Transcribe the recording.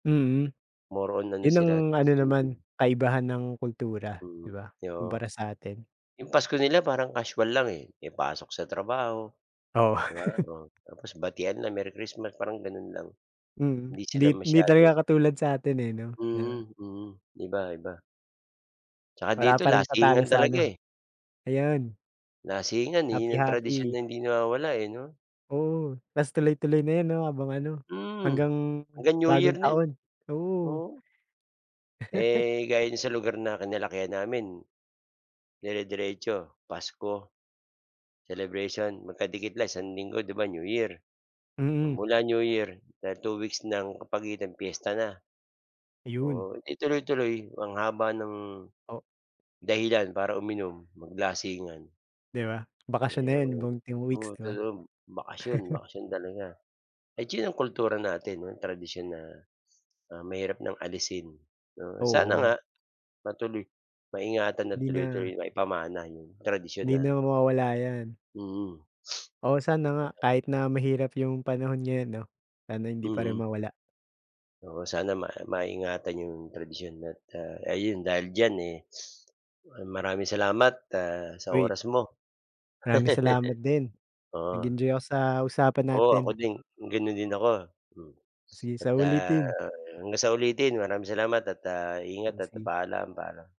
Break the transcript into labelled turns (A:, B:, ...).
A: Mhm,
B: More on ano
A: yun ang
B: sila Thanks
A: ano naman
B: Giving.
A: kaibahan ng kultura 'di
B: Mm,
A: ba?
B: oo.
A: Kumpara sa atin.
B: Yung Pasko nila parang casual lang, eh, may pasok sa trabaho,
A: Oo.
B: 'di ba, oh. Tapos batian na Merry Christmas. parang gano'n lang.
A: Mm,
B: Hindi
A: hindi
B: sila
A: hindi
B: masyado
A: talaga katulad sa atin, eh, 'no na
B: Mhm, mm. Iba, iba. Tsaka
A: Wala
B: dito
A: pa ring tatalo
B: lasingan
A: sa
B: talaga,
A: ano,
B: eh.
A: ayan.
B: Lasingan, eh, yun ang tradisyon
A: Happy-happy.
B: na hindi nawawala, eh, 'no?
A: Oo. Tas tuloy-tuloy na yan 'no habang ano
B: Mm,
A: hanggang
B: hanggang New Year
A: bagong
B: na yun.
A: taon, oo.
B: Oo. Eh, gaya nung sa lugar na kinalakihan namin. Dirediretso Pasko, celebration magkadikit lang isang linggo. 'Di ba New Year.
A: Mm.
B: Pamula New Year dahil 2 weeks ng kapagitan piyesta na.
A: Ayun.
B: Oo 'di tuloy-tuloy ang haba ng,
A: O
B: dahilan para uminom maglasingan.
A: 'Di ba, bakasyon na yun
B: Iyon.
A: buong 10 weeks 'di ba?
B: [unintelligible] bakasyon, bakasyon talaga. Ay sinong kultura natin tradisyon na, ah, mahirap ng alisin 'no sana
A: Oo.
B: nga matuloy, maingatan at
A: 'Di na.
B: tuloy-tuloy maipamana yung tradisyon
A: 'Di
B: na.
A: na mawawala 'yan.
B: Mm.
A: O sana nga kahit
B: sabagay.
A: na mahirap yung panahon ngayon 'no. Sana hindi pa rin
B: Mm.
A: mawala.
B: Oo sana ma maingatan 'yong tradisyon at, ah, ayun dahil diyan, eh, ah, maraming salamat, ah, sa
A: Wait.
B: oras mo.
A: Maraming salamat din.
B: Oo.
A: Nag-enjoy ako sa usapan
B: Oo, ako
A: natin.
B: din gano'n din ako, mm.
A: Sige sa
B: Pagka
A: ulitin.
B: hanggang sa ulitin maraming salamat at, ah, ingat
A: O
B: at ta
A: sige.
B: paalam, paalam.